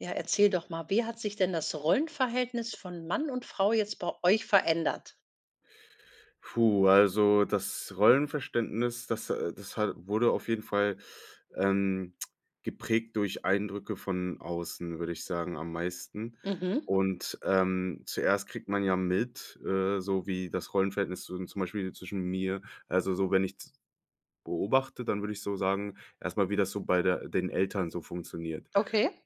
Ja, erzähl doch mal, wie hat sich denn das Rollenverhältnis von Mann und Frau jetzt bei euch verändert? Puh, also das Rollenverständnis, das, äh das hat wurde auf jeden Fall, ähm, geprägt durch Eindrücke von außen, würde ich sagen, am meisten. Mhm. Und, ähm, zuerst kriegt man ja mit, äh, so wie das Rollenverhältnis z zum Beispiel zwischen mir also so, wenn ich z beobachte, dann würde ich so sagen, erst mal, wie das so bei der den Eltern so funktioniert., [unintelligible] Okay.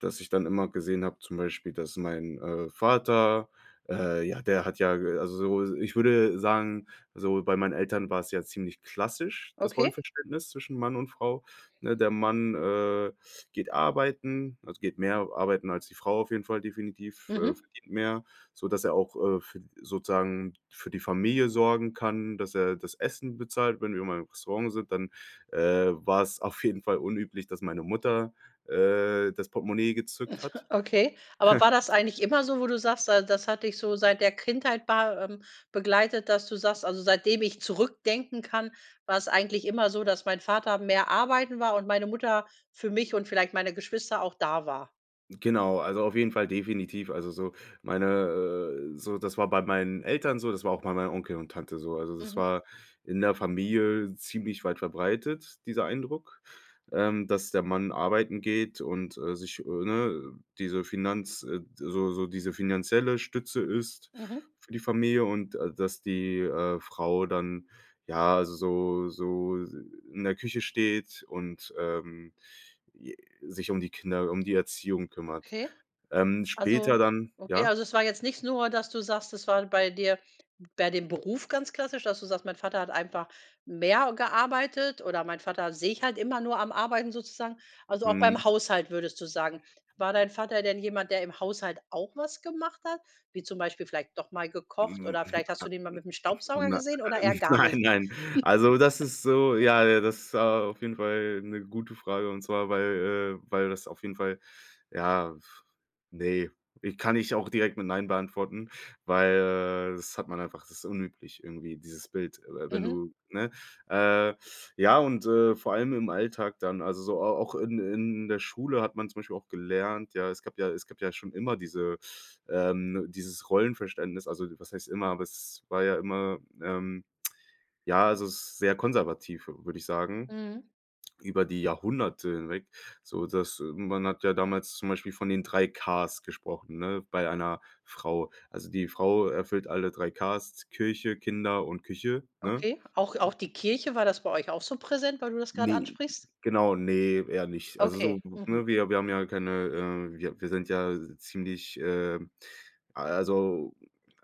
dass ich dann immer gesehen habe, zum Beispiel, dass mein, äh, Vater, äh, ja, der ha, ja, äh, also so, ich würde sagen so bei meinen Eltern war's ja ziemlich klassisch, das Okay. Rollenverständnis zwischen Mann und Frau, ne? Der Mann, äh, geht arbeiten also, geht mehr arbeiten als die Frau, auf jeden Fall definitiv, äh, Mhm. verdient mehr, sodass er auch, äh, f sozusagen für die Familie sorgen kann, dass er das Essen bezahlt. Wenn wir mal im Restaurant sind, dann, äh, war's auf jeden Fall unüblich, dass meine Mutter, äh, das Portemonnaie gezückt hat. Okay. Aber war das eigentlich immer so, wo du sagst da das hat dich so seit der Kindheit ba ähm, begleitet, dass du sagst, also: „Seitdem ich zurückdenken kann, war's eigentlich immer so, dass mein Vater mehr arbeiten war und meine Mutter für mich und vielleicht meine Geschwister auch da war.“ Genau, also, auf jeden Fall definitiv. Also, so meine äh, so das war bei meinen Eltern so, das war auch bei meinem Onkel und Tante so. Also, das Mhm. war in der Familie ziemlich weit verbreitet, dieser Eindruck, ähm, dass der Mann arbeiten geht und, äh, sich, äh, ne diese Finanz äh, so so diese finanzielle Stütze ist, Mhm. für die Familie und, äh, dass die, äh, Frau dann, ja, so so in der Küche steht und, ähm, j sich um die Kinder um die Erziehung kümmert. Okay. Ähm, Also später dann okay ja? also, es war jetzt nicht nur, dass du sagst, das war bei dir bei dem Beruf ganz klassisch, dass du sagst: „Mein Vater hat einfach mehr gearbeitet oder meinen Vater sehe ich halt immer nur am Arbeiten, sozusagen." Also, auch Mhm. beim Haushalt würdest du sagen. War dein Vater denn jemand, der im Haushalt auch was gemacht hat, wie zum Beispiel vielleicht doch mal gekocht Hm, oder vielleicht hast du den mal mit 'nem Staubsauger nei gesehen oder eher gar nein, nicht? nein. Also, das ist so, ja, äh das auf jeden Fall 'ne gute Frage. Und zwar, weil, äh weil das auf jeden Fall, ja, f ne. Ich kann ich auch direkt mit nein beantworten, weil das hat man einfach das ist unüblich irgendwie dieses Bild, äh, wenn Mhm. du, ne äh, ja, und, äh, vor allem im Alltag dann, also so au auch in in der Schule hat man zum Beispiel auch gelernt, ja, es gab ja es gab ja schon immer diese, ähm dieses Rollenverständnis. Also, was heißt immer, aber es war ja immer, ähm, ja, also sehr konservativ, würde ich sagen. Mhm. Über die Jahrhunderte hinweg, so dass man hat ja damals zum Beispiel von den 3 K's gesprochen, ne, bei einer Frau. Also die Frau erfüllt alle 3 K's, Kirche, Kinder und Küche, ne? Okay. Auch auch die Kirche? War das bei euch auch so präsent, weil du das gerade Ne ansprichst? genau, ne, eher nicht. Also so, Okay, mhm. ne wir wir haben ja keine äh, wir wir sind ja ziemlich, ähm also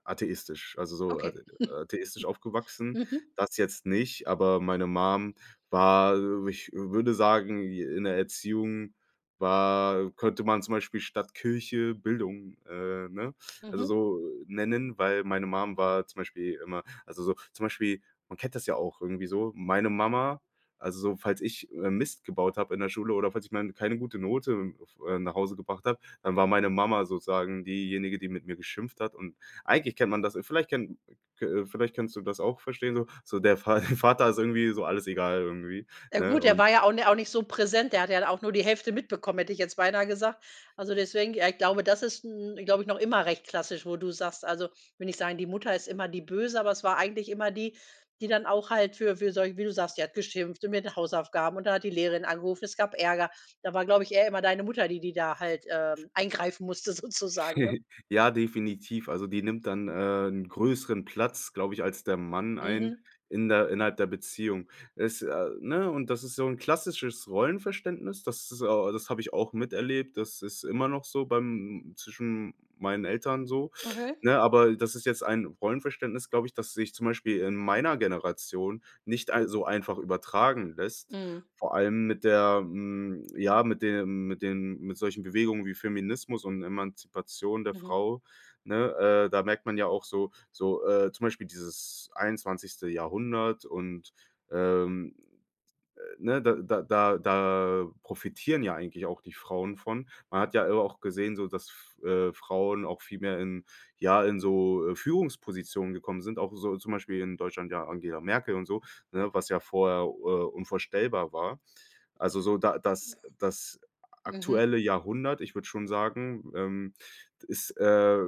atheistisch also so a Okay. atheistisch aufgewachsen. Mhm. Das jetzt nicht, aber meine Mum war, ich würde sagen, in der Erziehung war könnte man zum Beispiel statt Kirche, Bildung, äh, ne, also Mhm. so nennen, weil meine Mum war zum Beispiel immer also so zum Beispiel, man kennt das ja auch irgendwie so, meine Mama also so falls ich, äh, Mist gebaut habe in der Schule oder falls ich mal keine gute Note f äh, nach Hause gebracht habe, dann war meine Mama sozusagen diejenige, die mit mir geschimpft hat und eigentlich kennt man das vielleicht kennt k äh, vielleicht kannst du das auch verstehen so. So, der Va Vater ist irgendwie so alles egal irgendwie, Ja ne, gut, er und war ja auch ni auch nicht so präsent. Der hat ja dann auch nur die Hälfte mitbekommen, hätte ich jetzt beinahe gesagt. Also deswegen ja ich glaube das ist 'n noch immer recht klassisch, wo du sagst, also will nicht sagen, die Mutter ist immer die böse, aber es war eigentlich immer die, die dann auch halt für für solche wie du sagst, sie hat geschimpft und mit Hausaufgaben und dann hat die Lehrerin angerufen. Es gab Ärger. Da war, glaube ich, eher immer deine Mutter, die die da halt, ähm, eingreifen musste sozusagen, ne? Ja, definitiv. Also die nimmt dann, äh, 'n größeren Platz, glaube ich, als der Mann ein Mhm. in der innerhalb der Beziehung. Es, äh ne, und das ist so 'n klassisches Rollenverständnis. Das, äh das habe ich auch miterlebt. Das ist immer noch so bei m m zwischen m meinen Eltern so, Okay. ne? Aber das ist jetzt ein Rollenverständnis, glaube ich, das sich zum Beispiel in meiner Generation nicht ei äh, so einfach übertragen lässt. Mhm. Vor allem mit der hm, ja, mit dem mit dem mit solchen Bewegungen wie Feminismus und Emanzipation der Mhm. Frau, ne? Äh, da merkt man ja auch so so, äh zum Beispiel dieses 21. Jahrhundert und ähm, äh, ne, da da da da profitieren ja eigentlich auch die Frauen von. Man hat ja auch gesehen so, dass F äh, Frauen auch viel mehr in ja, in so, äh, Führungspositionen gekommen sind, auch so zum Beispiel in Deutschland ja Angela Merkel und so, ne? Was ja vorher u äh, unvorstellbar war. Also, so da das das Mhm. aktuelle Jahrhundert, ich würde schon sagen, ähm, ist, äh,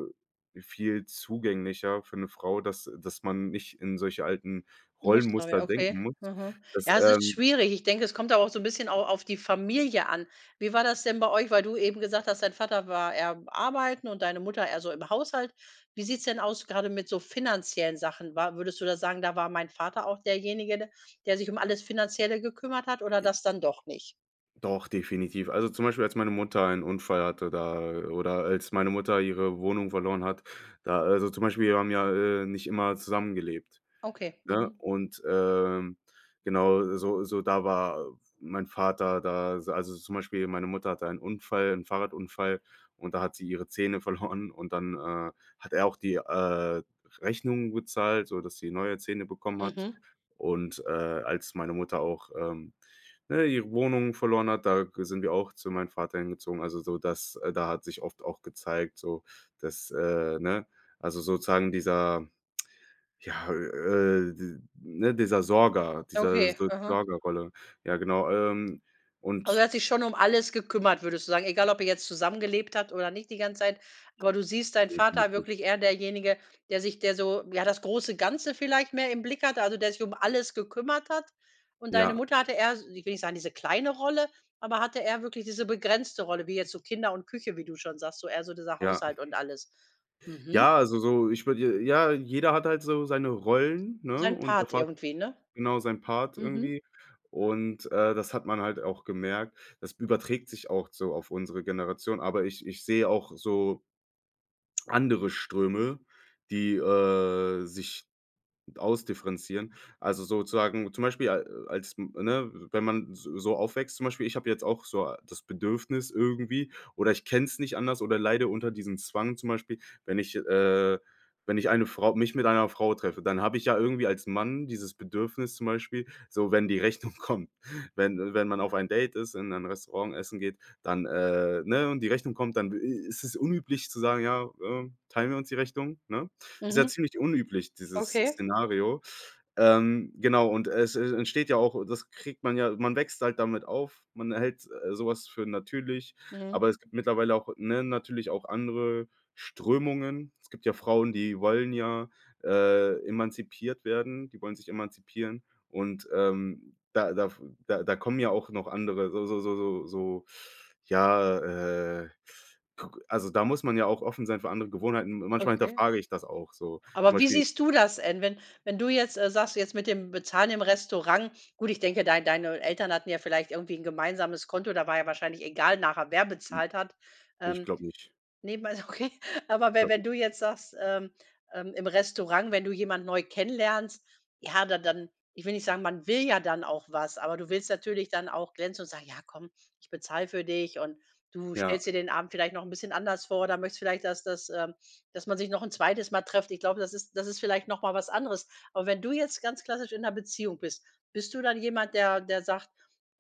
viel zugänglicher für 'ne Frau, dass dass man nicht in solche alten [unintelligible] Rollenmuster okay, denken muss, mhm. das Ja es ist ähm schwierig. Ich denke es kommt da auch so 'n bisschen au auf die Familie an. Wie war das denn bei euch, weil du eben gesagt hast dein Vater war eher arbeiten und deine Mutter eher so im Haushalt. Wie sieht's denn aus, gerade mit so finanziellen Sachen? War würdest du da sagen: „Da war mein Vater auch derjenige, der sich um alles Finanzielle gekümmert hat.“ oder I das dann doch nicht? Doch, definitiv. Also zum Beispiel, als meine Mutter einen Unfall hatte da oder als meine Mutter ihre Wohnung verloren hat, da also zum Beispiel, wir haben ja, äh, nicht immer zusammengelebt, Okay, ne? mhm. Und, ähm, genau, so so da war mein Vater da. Al also zum Beispiel meine Mutter hatte einen Unfall 'n Fahrradunfall und da hat sie ihre Zähne verloren und dann, äh, hat er auch die, äh, Rechnungen gezahlt, sodass sie neue Zähne bekommen hat. Mhm. Und, äh, als meine Mutter auch, ähm, ne, ihre Wohnung verloren hat, da g sind wir auch zu meinem Vater hingezogen. Also so dass äh, da hat sich oft auch gezeigt so, dass, äh, ne also sozusagen dieser, ja, äh, d ne, dieser Sorger, diese Okay, So mhm. Sorgerrolle. Ja, genau, ähm, Also er und hat sich schon alles gekümmert, würdest du sagen? Egal, ob er jetzt zusammengelebt habt oder nicht die ganze Zeit, aber du siehst deinen Vater Definitiv. wirklich eher derjenige, der sich der so ja das große Ganze vielleicht mehr im Blick hatte, also der sich alles gekümmert hat. Und deine Ja. Mutter hatte eher ich will nicht sagen, diese kleine Rolle, aber hatte eher wirklich diese begrenzte Rolle, wie jetzt so Kinder und Küche, wie du schon sagst, so eher so dieser Ja. Haushalt und alles. Mhm. Ja, also so ich würde ja, jeder hat halt so seine Rollen, ne, Seinen und Part deshalb irgendwie, ne? genau seinen Part Mhm. irgendwie. Und, äh, das hat man halt auch gemerkt. Das überträgt sich auch so auf unsere Generation. Aber ich ich sehe auch so andere Ströme, die, äh, sich ausdifferenzieren. Also sozusagen zum Beispiel a als ne, wenn man so so aufwächst. Zum Beispiel, ich habe jetzt auch so das Bedürfnis irgendwie oder ich kenn's nicht anders oder leide unter diesem Zwang zum Beispiel, wenn ich, äh wenn ich eine Frau mich mit einer Frau treffe, dann habe ich ja irgendwie als Mann dieses Bedürfnis zum Beispiel, so wenn die Rechnung kommt wenn wenn man auf ein Date ist, in ein Restaurant essen geht, dann äh, ne, und die Rechnung kommt, dann, äh, ist es unüblich zu sagen: „Ja, ähm, teilen wir uns die Rechnung?“, ne? Ist ja Mhm. ziemlich unüblich, dieses Okay. Szenario. Ähm, genau, und es e entsteht ja auch das kriegt man ja man wächst halt damit auf. Man hält so was für natürlich, Mhm. aber es gibt mittlerweile auch, ne, natürlich auch andere Strömungen. Es gibt ja Frauen, die wollen ja, äh, emanzipiert werden die wollen sich emanzipieren. Und, ähm, da da f da kommen ja auch noch andere so so so so so, ja, äh, k also da muss man ja auch offen sein für andere Gewohnheiten. Manchmal Okay. hinterfrage ich das auch so, zum Aber wie Beispiel siehst du das en wenn wenn du jetzt, äh, sagst jetzt mit dem Bezahlen im Restaurant? Gut, ich denke dein deine Eltern hatten ja vielleicht irgendwie 'n gemeinsames Konto. Da war ja wahrscheinlich egal nachher wer bezahlt hat, Ich ähm. glaube nicht. Nebenbei okay, aber we Glaube wenn nicht. du jetzt sagst, ähm, ähm, im Restaurant, wenn du jemand neu kennenlernst, ja, dann dann ich will nicht sagen, man will ja dann auch was, aber du willst natürlich dann auch glänzen und sagen: „Ja komm, ich bezahle für dich.“ Und du Ja. stellst dir den Abend vielleicht noch 'n bisschen anders vor oder möchtest vielleicht, dass dass ähm, dass man sich noch 'n zweites Mal trifft. Ich glaube, das ist das ist vielleicht noch mal was anderes. Aber, wenn du jetzt ganz klassisch in 'ner Beziehung bist, bist du dann jemand, der der sagt,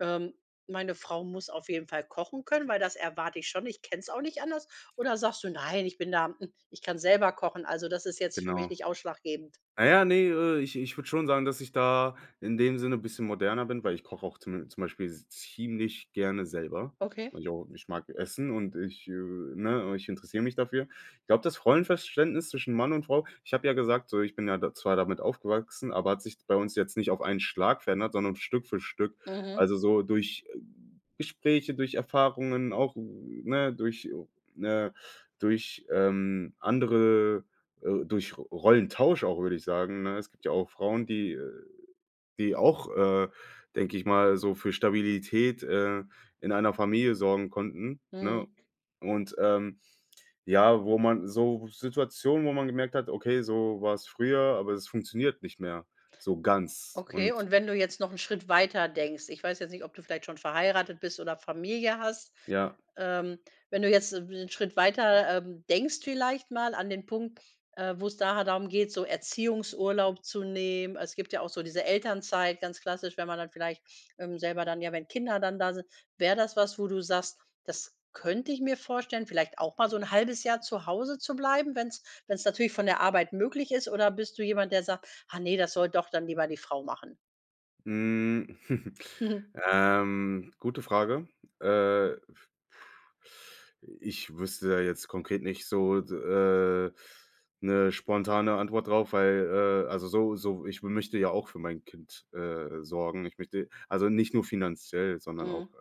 ähm: „Meine Frau muss auf jeden Fall kochen können, weil das erwarte ich schon, ich kenn's auch nicht anders.“ Oder sagst du: „Nein, ich bin da, hm ich kann selber kochen. Also das ist jetzt für mich Genau. nicht ausschlaggebend.“ Naja, ne, ich ich würde schon sagen, dass ich da in dem Sinne bisschen moderner bin, weil ich koche auch zu zum Beispiel z ziemlich gerne selber. Okay. Naja, ich mag essen und ich äh, ne, ich interessiere mich dafür. Ich glaube, das Rollenverständnis zwischen Mann und Frau ich habe ja gesagt so, ich bin ja da zwar damit aufgewachsen, aber hat sich bei uns jetzt nicht auf einen Schlag verändert, sondern Stück für Stück. Mhm. Also so durch Gespräche, durch Erfahrungen auch, ne, durch ne durch, ähm, andere, äh durch Ro Rollentausch auch, würde ich sagen, ne? Es gibt ja auch Frauen, die äh die auch, äh, denke ich mal, so für Stabilität, äh, in einer Familie sorgen konnten, Mhm. ne? Und, ähm, ja, wo man so Situationen, wo man gemerkt hat, okay, so war's früher, aber es funktioniert nicht mehr so ganz Okay und und wenn du jetzt noch 'n Schritt weiter denkst. Ich weiß jetzt nicht, ob du vielleicht schon verheiratet bist oder Familie hast, Ja. ähm. Wenn du jetzt 'n w Schritt weiter, ähm denkst vielleicht mal an den Punkt, äh, wo es da halt darum geht, so Erziehungsurlaub zu nehmen. Es gibt ja auch so diese Elternzeit ganz klassisch, wenn man dann vielleicht, ähm, selber dann ja, wenn Kinder dann da sind. Wäre das was, wo du sagst: „Das könnte ich mir vorstellen, vielleicht auch mal so 'n 1/2 Jahr zu Hause zu bleiben, wenn's wenn's natürlich von der Arbeit möglich ist.“ Oder bist du jemand, der sagt: „Ah ne, das soll doch dann lieber die Frau machen“? Hm, ähm, gute Frage. Äh, ich wüsste da jetzt konkret nicht so, d äh, 'ne spontane Antwort drauf, weil, äh, also, so so ich möchte ja auch für mein Kind, äh, sorgen. Ich möchte also nicht nur finanziell, sondern auch, Mhm.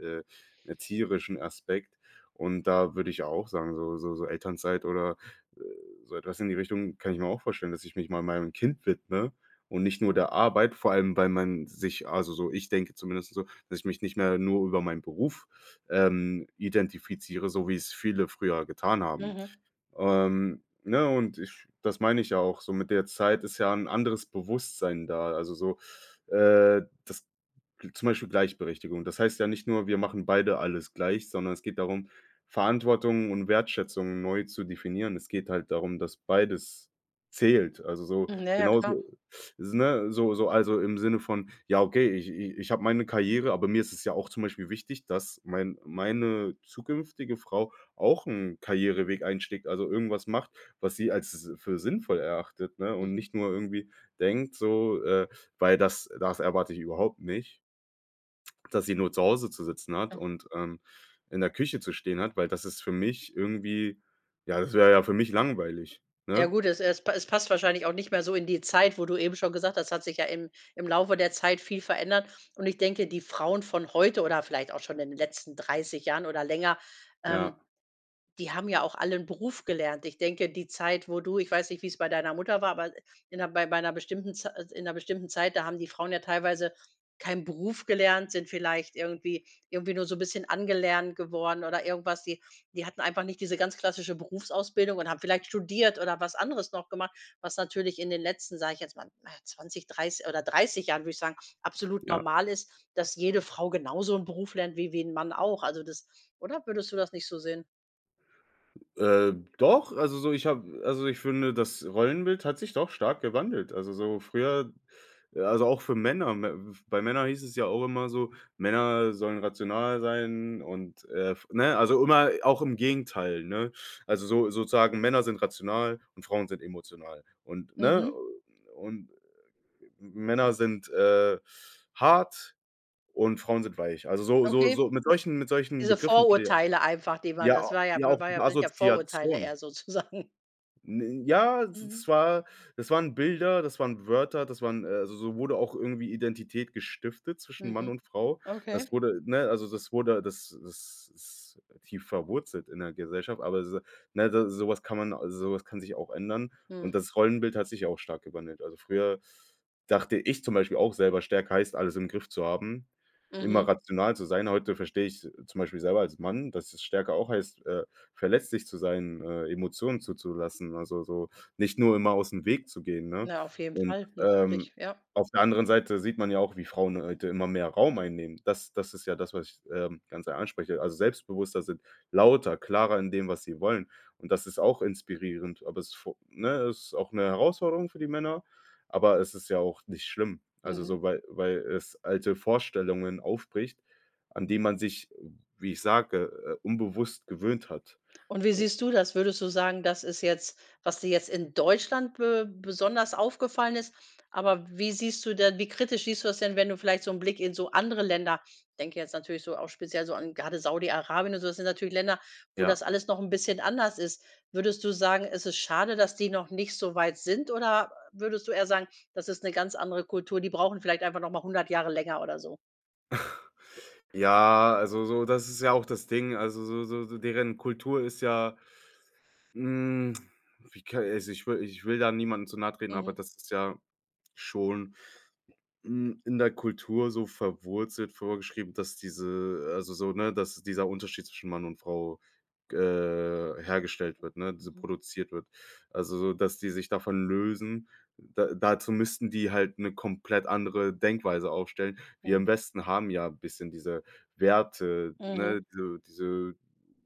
äh, erzieherischen Aspekt. Und da würde ich auch sagen, so so so Elternzeit oder, äh, so etwas in die Richtung, kann ich mir auch vorstellen, dass ich mich mal meinem Kind widme und nicht nur der Arbeit, vor allem weil man sich also so ich denke zumindest so, dass ich mich nicht mehr nur über meinen Beruf, ähm, identifiziere, so wie es viele früher getan haben. Mhm. Ähm, ne? Und ich das meine ich ja auch. So mit der Zeit ist ja 'n anderes Bewusstsein da? Also so, äh, dass zum Beispiel Gleichberechtigung. Das heißt ja nicht nur, wir machen beide alles gleich, sondern es geht darum, Verantwortung und Wertschätzung neu zu definieren. Es geht halt darum, dass beides zählt. Also so, Mhm, na ja, genauso, klar. s ne? So so, also, im Sinne von, ja okay, ich i ich habe meine Karriere, aber mir ist es ja auch zum Beispiel wichtig, dass mein meine zukünftige Frau auch 'n Karriereweg einschlägt, also irgendwas macht, was sie als s für sinnvoll erachtet, ne? Und Mhm. nicht nur irgendwie denkt so, äh, weil das das erwarte ich überhaupt nicht dass sie nur zu Hause zu sitzen hat Ja. und, ähm, in der Küche zu stehen hat, weil das ist für mich irgendwie, ja das wäre ja für mich langweilig. Ja Ne? gut, es es pa es passt wahrscheinlich auch nicht mehr so in die Zeit, wo du eben schon gesagt hast. Es hat sich ja im im Laufe der Zeit viel verändert und ich denke, die Frauen von heute oder vielleicht auch schon in den letzten 30 Jahren oder länger, ähm, Ja. die haben ja auch alle 'n Beruf gelernt. Ich denke, die Zeit, wo du ich weiß nicht wie's bei deiner Mutter war, aber in 'ner bei 'ner bestimmten Zei in 'ner bestimmten Zeit, da haben die Frauen ja teilweise keinen Beruf gelernt, sind vielleicht irgendwie irgendwie nur so 'n bisschen angelernt geworden oder irgendwas. Die die hatten einfach nicht diese ganz klassische Berufsausbildung und haben vielleicht studiert oder was anderes noch gemacht, was natürlich in den letzten, sage ich jetzt mal, na, 20, dreiß oder 30 Jahren, würde ich sagen, absolut Ja. normal ist, dass jede Frau genauso 'n Beruf lernt wie wie 'n Mann auch. Also das oder würdest du das nicht so sehen? Äh, doch, also, so ich habe also, ich finde, das Rollenbild hat sich doch stark gewandelt. Also, so früher äh, also, auch für Männer. Mä bei Männer hieß es ja auch immer so: „Männer sollen rational sein“ und, äh, f ne, also, immer auch im Gegenteil, ne? Also, so sozusagen Männer sind rational und Frauen sind emotional. Und ne Mhm. und M Männer sind, äh, hart und Frauen sind weich. Also, so so Okay. so mit solchen mit solchen Diese Begriffen wurde, ja. Vorurteile einfach, die waren Ja, das a war ja ja war ja auch waren mit ja sind ja Vorurteile Assoziation. eher sozusagen. N ja, d das Mhm. war das waren Bilder, das waren Wörter, das waren äh also, so wurde auch irgendwie Identität gestiftet zwischen Mann Mhm, und Frau. Das okay. wurde, ne also, das wurde, das das ist tief verwurzelt in der Gesellschaft. Aber se ne, de so was kann man also, so was kann sich auch ändern. Und Mhm. das Rollenbild hat sich ja auch stark gewandelt. Also, früher dachte ich zum Beispiel auch selber, stärke heißt, alles im Griff zu haben. Immer Mhm. rational zu sein. Heute verstehe ich's zum Beispiel selber als Mann, dass es Stärke auch heißt, äh, verletzlich zu sein, äh, Emotionen zuzulassen. Also, so nicht nur immer ausm Weg zu gehen, ne? Na auf jeden Und fall, natürlich, ähm, ja. auf der anderen Seite sieht man ja auch, wie Frauen heute immer mehr Raum einnehmen. Das das ist ja das, was ich, ähm, ganz er ansprechen. Also, selbstbewusster sind, lauter, klarer in dem, was sie wollen. Und das ist auch inspirierend. Aber es vo ne, es ist auch 'ne Herausforderung für die Männer. Aber es ist ja auch nicht schlimm. Also, Mhm. so, weil weil es alte Vorstellungen aufbricht, an die man sich, wie ich sage, äh, unbewusst gewöhnt hat. Und wie Un siehst du das? Würdest du sagen, das ist jetzt, was dir jetzt in Deutschland be besonders aufgefallen ist, aber wie siehst du denn wie kritisch siehst du das denn, wenn du vielleicht so 'n Blick in so andere Länder denke jetzt natürlich so auch speziell so an grade Saudi Arabien und so, das sind natürlich Länder, wo Ja. das alles noch 'n bisschen anders ist. Würdest du sagen, es ist schade, dass die noch nicht so weit sind oder, äh, würdest du eher sagen, das ist 'ne ganz andere Kultur, die brauchen vielleicht einfach noch mal 100 Jahre länger oder so? Ja, also, so das ist ja auch das Ding, also, so so so deren Kultur ist ja, hm, wie ka also, ich will ich will da niemandem zu nahe treten, aber Mhm. das ist ja schon, hm, in der Kultur so verwurzelt vorgeschrieben, dass diese also, so ne, dass dieser Unterschied zwischen Mann und Frau, g äh, hergestellt Hm, wird ne, diese mhm. produziert wird. Also, so dass die sich davon lösen, da dazu müssten die halt 'ne komplett andere Denkweise aufstellen. Wir Mhm. im Westen haben ja bisschen diese Werte, Mhm. ne? Diese diese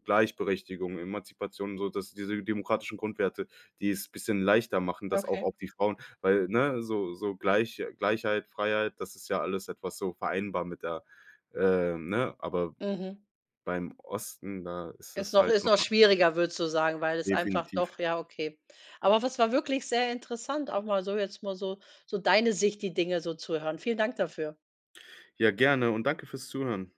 Gleichberechtigung, Emanzipation, sodass diese demokratischen Grundwerte, die es bisschen leichter machen, dass auch Okay. auf die Frauen weil ne, so so Gleich Gleichheit, Freiheit, das ist ja alles etwas so vereinbar mit der ähm, ne? Aber Mhm. beim Osten, da ist Ist es noch halt ist noch noch mal schwieriger würdest du sagen weil es einfach Definitiv. doch ja okay. Aber was war wirklich sehr interessant, auch mal so jetzt mal so so deine Sicht, die Dinge so zuhören. Vielen Dank dafür. Ja, gerne und danke für's Zuhören.